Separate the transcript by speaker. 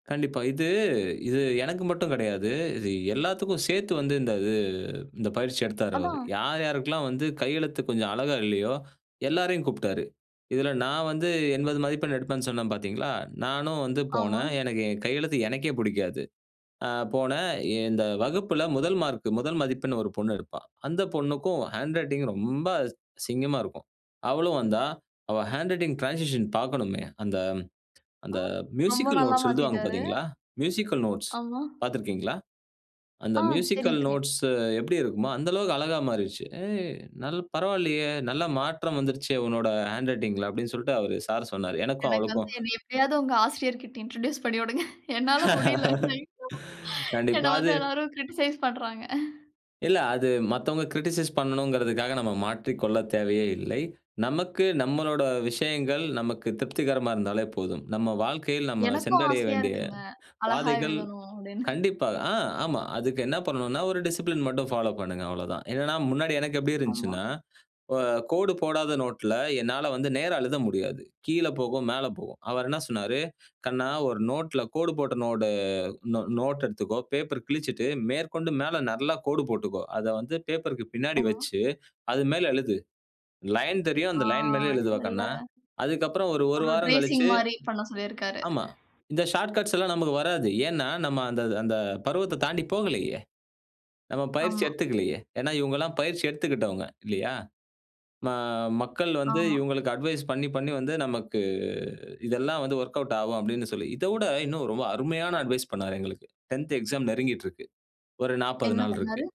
Speaker 1: கண்டிப்பா. இது, இது எனக்கு மட்டும் கிடையாது. இது எல்லாத்துக்கும் சேர்த்து வந்து இந்த இது இந்த பயிற்சி எடுத்தாரு அவரு.
Speaker 2: அதான்.
Speaker 1: யார் யாருக்கெல்லாம் வந்து கையெழுத்து கொஞ்சம் அழகா இல்லயோ! எல்லாரையும் கூப்பிட்டாரு. இதில நான் வந்து 80 மதிப்பெண் எடுப்பேன்னு சொன்னேன் பார்த்தீங்களா, நானும் வந்து
Speaker 2: ஆமா.
Speaker 1: போனேன். எனக்கு கையெழுத்து எனக்கே பிடிக்காது. ஆ போனேன் எ இந்த வகுப்பில 1 மார்க், 1 மதிப்பெண் ஒரு பொண்ணு எடுப்பா! அந்த பொண்ணுக்கும் ஹேண்ட் ரைட்டிங் ரொம்ப அசிங்கமாக இருக்கும். அவளும் வந்தா! அவ ஹேண்ட் ரைட்டிங் டிரான்சிஷன் பார்க்கணுமே அந்த
Speaker 2: அ
Speaker 1: அந்த
Speaker 2: ரொம்ப
Speaker 1: மியூசிக்கல்
Speaker 2: நல்லா
Speaker 1: நோட்ஸ் எழுதுவாங்க
Speaker 2: மாத்திட்டாரு.
Speaker 1: பார்த்தீங்களா? மியூசிக்கல் நோட்ஸ்
Speaker 2: ஆமா.
Speaker 1: பார்த்திருக்கிறீங்களா? அந்த
Speaker 2: ஆ தெரியும்,
Speaker 1: மியூசிக்கல்
Speaker 2: தெரியும்.
Speaker 1: நோட்ஸ் எப்பிடி இருக்குமோ! அந்த அளவுக்கு அழகா மாறிருச்சு. ஏய்! நல் பரவாயில்லயே! நல்ல மாற்றம் வந்துருச்சே! உன்னோட ஹேண்ட் ரைட்டிங்ல அப்பிடின்னு சொல்லிட்டு அவரு சார் சொன்னாரு. எனக்கும்
Speaker 2: எனக்கு
Speaker 1: அவளுக்கும்
Speaker 2: வந்து என்னை எப்பிடியாவது உங்க ஆசிரியர்க்கிட்ட இன்ட்ரோடியூஸ் பண்ணிவிடுங்க. என்னால முடியல [unintelligible]
Speaker 1: கண்டிப்பா,
Speaker 2: என்ன
Speaker 1: அது
Speaker 2: வந்து எல்லாரும் கிரிட்டிசைஸ் பண்றாங்க. அ
Speaker 1: இல்ல. அது மத்தவங்க கிரிட்டிசைஸ் பண்ணனுங்கிறதுக்காக நம்ம மாற்றிக் கொள்ளத் தேவையே இல்லை. நமக்கு நம்மளோட விஷயங்கள் நமக்கு திருப்திகரமா இருந்தாலே போதும். நம்ம வாழ்க்கையில் நம்ம
Speaker 2: எனக்கும்
Speaker 1: சென்றடைய
Speaker 2: ஆசையா
Speaker 1: வேண்டிய
Speaker 2: இருக்குங்க. அழகா
Speaker 1: பாதைகள்
Speaker 2: எழுதணும் அப்டின்னு.
Speaker 1: கண்டிப்பா ஆ ஆமா. அதுக்கு என்ன பண்ணணுனா, ஒரு டிசிப்ளின் மட்டும் ஃபாலோப் பண்ணுங்க அவ்வளவுதான். என்னன்னா முன்னாடி எனக்கு எப்பிடி
Speaker 2: ஆமா.
Speaker 1: இருந்துச்சுன்னா இப்ப கோடு போடாத நோட்ல என்னால வந்து நேரா எழுத முடியாது. கீழ போகும், மேல போகும். அவரு என்ன சொன்னாரு, கண்ணா! ஒரு நோட்ல கோடு போட்ட நோடு, நோ நோட் எடுத்துக்கோ, பேப்பர் கிழிச்சிட்டு மேற்கொண்டு மேல நல்லா கோடு போட்டுக்கோ, அத வந்து பேப்பர்க்கு பின்னாடி
Speaker 2: ஆமா.
Speaker 1: வச்சு, அது மேலே எழுது. லைன் தெரியும்.
Speaker 2: ஆ.
Speaker 1: அந்த லைன் மேலே எழுதுவ
Speaker 2: இல்ல.
Speaker 1: கண்ணா! அதுக்கு அப்புறம் ஒரு, ஒரு
Speaker 2: ஒரு
Speaker 1: வாரம்
Speaker 2: டிரேசிங்
Speaker 1: கழிச்சி,
Speaker 2: மாரி பண்ண சொல்லியிருக்காரு.
Speaker 1: ஆமா. இந்த ஷார்ட்கட்ஸ்லாம் நமக்கு வராது. ஏன்னா, நம்ம அந்த, இது அந்த பருவத்த தாண்டி போகலயே! நம்ம பயிற்சி
Speaker 2: ஆமா.
Speaker 1: எடுத்துக்கலயே! ஏன்னா இவுங்க எல்லாம் பயிற்சி எடுத்துக்கிட்டவுங்க இல்லயா! ம மக்கள் வந்து
Speaker 2: ஆமா.
Speaker 1: இவுங்களுக்கு அட்வைஸ் பண்ணி, பண்ணி வந்து நமக்கு இதெல்லாம் வந்து ஒர்க்அவுட் ஆகும் அப்பிடின்னு சொல்லி, இதவிட இன்னும் ரொம்ப அருமையான அட்வைஸ் பண்ணாரு எங்களுக்கு. 10 எக்ஸாம் நெருங்கிட்டு இருக்கு. ஒரு 40
Speaker 2: என்ன
Speaker 1: நாள் இருக்கு.
Speaker 2: பண்ணாரு?